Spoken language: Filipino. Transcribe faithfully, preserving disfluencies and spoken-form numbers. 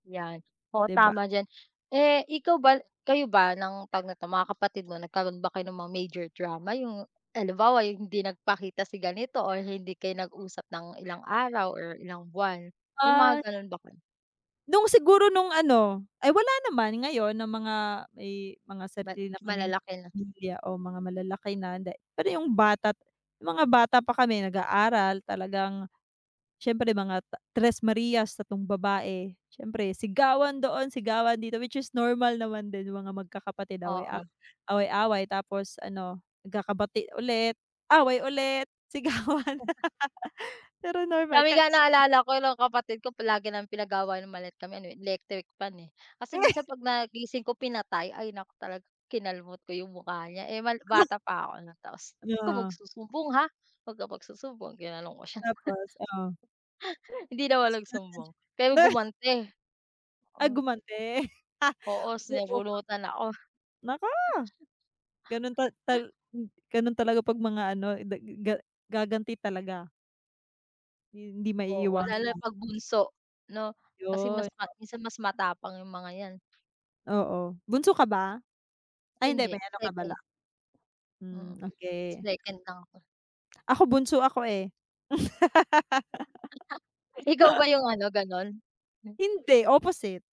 'Yan, oo, ka Di ba? tama diyan. Eh ikaw ba kayo ba ng tawag neto mga kapatid mo nagkaroon ba kayo ng mga major drama 'yung halimbawa 'yung hindi nagpakita si ganito or hindi kayo nag-usap ng ilang araw or ilang buwan may mga Ah ganun ba kayo? Nung siguro nung ano, ay wala naman ngayon na mga eh may mga Ma sarili na kaming malalaki na. pamilya o mga malalaki na da pero 'yung bata mga bata pa kami nag-aaral talagang siyempre mga ta tres marias, tatlong babae siyempre sigawan doon, sigawan dito, which is normal naman din mga magkakapatid away-aw Oo. away-away tapos ano nagkakabati ulit away ulit sigawan. M Pero normal Kami ka nga naalala ko nung kapatid ko palagi naming pinag-aawayan 'yung maliit kami ano eh, electric fan eh. Kasi minsan pag na gising ko pinatay, ay naku talaga kinalmot ko 'yung mukha niya eh, mal bata pa ako nun tapos, "Wag kang Yeah. magsusumbong ha, wag ka magsusumbong," ginanun ko siya. Tapos? Oh. Hindi naman Nasaktan ka nagsumbong din? pero Na gumanti. Ay gumanti. Oo, Oo sinabunutan ako. [unintelligible] Naku! Ganun tal ta m ganun talaga pag mga ano da ga gaganti talaga. Hindi Oo, lalo na maiiwasan. kapag bunso no? Kasi 'Yun, mas ma o minsan mas matapang 'yung mga yan. Oo, bunso ka ba? Ay hindi may Hindi, ano ka pala second. Mm, hmm, okey. second lang ako. Ako bunso ako eh. Ikaw ba 'yung ano ganon? Hmm. Hindi, opposite.